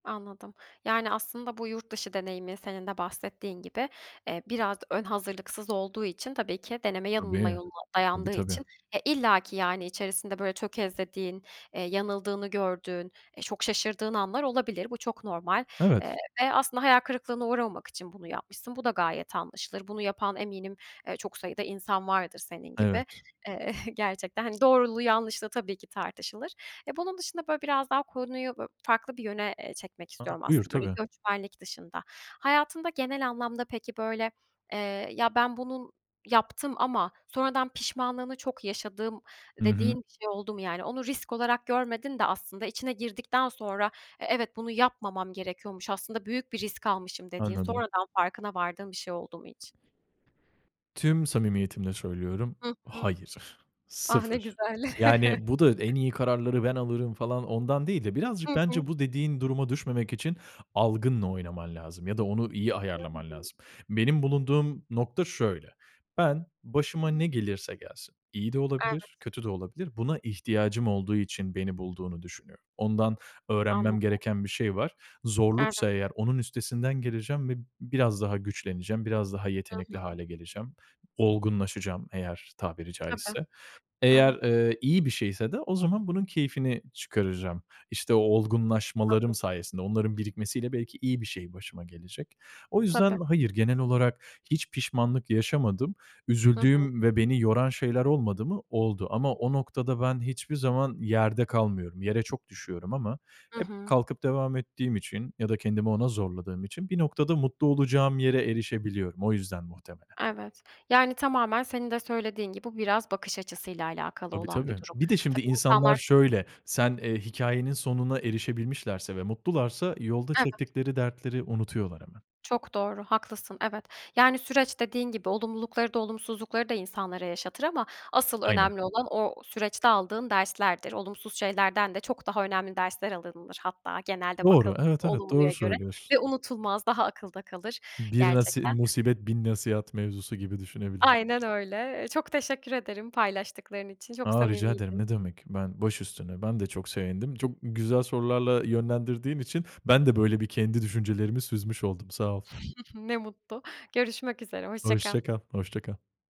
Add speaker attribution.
Speaker 1: Anladım. Yani, aslında bu yurt dışı deneyimi senin de bahsettiğin gibi, eee, biraz ön hazırlıksız olduğu için tabii ki deneme yanılma
Speaker 2: Tabii.
Speaker 1: yoluna
Speaker 2: Tabii,
Speaker 1: dayandığı
Speaker 2: tabii.
Speaker 1: için ya illa ki, yani, içerisinde, böyle, tökezlediğin, eee, yanıldığını gördüğün, e, çok şaşırdığın anlar olabilir. Bu çok normal, eee,
Speaker 2: Evet.
Speaker 1: ve aslında hayal kırıklığına uğramamak için bunu yapmışsın. Bu da gayet anlaşılır. Bunu yapan eminim, eee, çok sayıda insan vardır senin gibi.
Speaker 2: Evet.
Speaker 1: Eee, gerçekten, hani, doğruluğu yanlışlığı tabii ki tartışılır. E, bunun dışında, böyle, biraz daha konuyu, böyle, farklı bir yöne, eee, çekmek
Speaker 2: Hı hı.
Speaker 1: istiyorum
Speaker 2: Buyur,
Speaker 1: aslında, böyle,
Speaker 2: tabii.
Speaker 1: göçmenlik dışında. Hayatında genel anlamda peki, böyle, eee, "Ya, ben bunun yaptım ama sonradan pişmanlığını çok yaşadım."
Speaker 2: Hı
Speaker 1: dediğin
Speaker 2: hı.
Speaker 1: bir şey oldu mu yani? Onu risk olarak görmedin de aslında içine girdikten sonra, "E evet, bunu yapmamam gerekiyormuş aslında büyük bir risk almışım." dediğin
Speaker 2: Anladım.
Speaker 1: sonradan farkına vardığın bir şey oldu mu hiç?
Speaker 2: Tüm samimiyetimle söylüyorum.
Speaker 1: Hı hı.
Speaker 2: Hayır,
Speaker 1: Ah, ne
Speaker 2: sıfır.
Speaker 1: güzel.
Speaker 2: Yani, bu da en iyi kararları ben alırım falan ondan değil de birazcık
Speaker 1: Hı hı.
Speaker 2: bence bu dediğin duruma düşmemek için algınla oynaman lazım ya da onu iyi ayarlaman
Speaker 1: [unintelligible]
Speaker 2: lazım. Benim bulunduğum nokta şöyle: Ben başıma ne gelirse gelsin iyi de
Speaker 1: Evet.
Speaker 2: olabilir, kötü de olabilir, buna ihtiyacım olduğu için beni bulduğunu düşünüyorum. Ondan öğrenmem
Speaker 1: Anladım.
Speaker 2: gereken bir şey var.
Speaker 1: Evet.
Speaker 2: Zorluksa eğer onun üstesinden geleceğim ve biraz daha güçleneceğim, biraz daha
Speaker 1: Hı
Speaker 2: yetenekli
Speaker 1: hı.
Speaker 2: hâle geleceğim. Olgunlaşacağım eğer tabiri
Speaker 1: Tabii,
Speaker 2: caizse. Eğer,
Speaker 1: evet.
Speaker 2: ııı, iyi bir şeyse de o zaman bunun keyfini çıkaracağım. İşte, o
Speaker 1: Haklısın.
Speaker 2: olgunlaşmalarım sayesinde onların birikmesiyle belki iyi bir şey başıma gelecek. O
Speaker 1: Tabii.
Speaker 2: yüzden hayır, genel olarak hiç pişmanlık yaşamadım.
Speaker 1: Hı hı.
Speaker 2: Üzüldüğüm ve beni yoran şeyler olmadı mı? Oldu ama o noktada ben hiçbir zaman yerde kalmıyorum, yere çok düşüyorum ama
Speaker 1: Hı
Speaker 2: hep
Speaker 1: hı.
Speaker 2: kalkıp devam ettiğim için ya da kendimi ona zorladığım için bir noktada mutlu olacağım yere erişebiliyorum. O yüzden muhtemelen.
Speaker 1: Evet. Yani, tamamen senin de söylediğin gibi bu biraz bakış açısıyla alakalı
Speaker 2: Tabii,
Speaker 1: olan bir
Speaker 2: tabii.
Speaker 1: durum.
Speaker 2: Bir de şimdi
Speaker 1: Tabii
Speaker 2: insanlar
Speaker 1: insanlar
Speaker 2: şöyle sen eee, hikayenin sonuna erişebilmişlerse ve mutlularsa yolda
Speaker 1: Evet.
Speaker 2: çektikleri dertleri unutuyorlar hemen.
Speaker 1: Çok doğru, haklısın, evet. Yani, süreç dediğin gibi, olumlulukları da olumsuzlukları da insanlara yaşatır ama asıl
Speaker 2: Aynen.
Speaker 1: önemli olan o süreçte aldığın derslerdir. Olumsuz şeylerden de çok daha önemli dersler alınılır hatta genelde
Speaker 2: Doğru,
Speaker 1: bakıl
Speaker 2: evet, evet,
Speaker 1: olumluya
Speaker 2: doğru
Speaker 1: göre
Speaker 2: söylüyorsun.
Speaker 1: ve unutulmaz daha akılda kalır
Speaker 2: Bir nasi
Speaker 1: gerçekten.
Speaker 2: musibet bin nasihat mevzusu gibi düşünebiliriz.
Speaker 1: Aynen öyle. Iıı, çok teşekkür ederim paylaştıkların için, çok
Speaker 2: A, rica ederim,
Speaker 1: samimiydin.
Speaker 2: ne demek, ben başüstüne, ben de çok sevindim. Çok güzel sorularla yönlendirdiğin için ben de, böyle, bir kendi düşüncelerimi süzmüş oldum, sağ ol.
Speaker 1: Ne mutlu. Görüşmek üzere, hoşça kal.
Speaker 2: Hoşça kal, hoşça kal.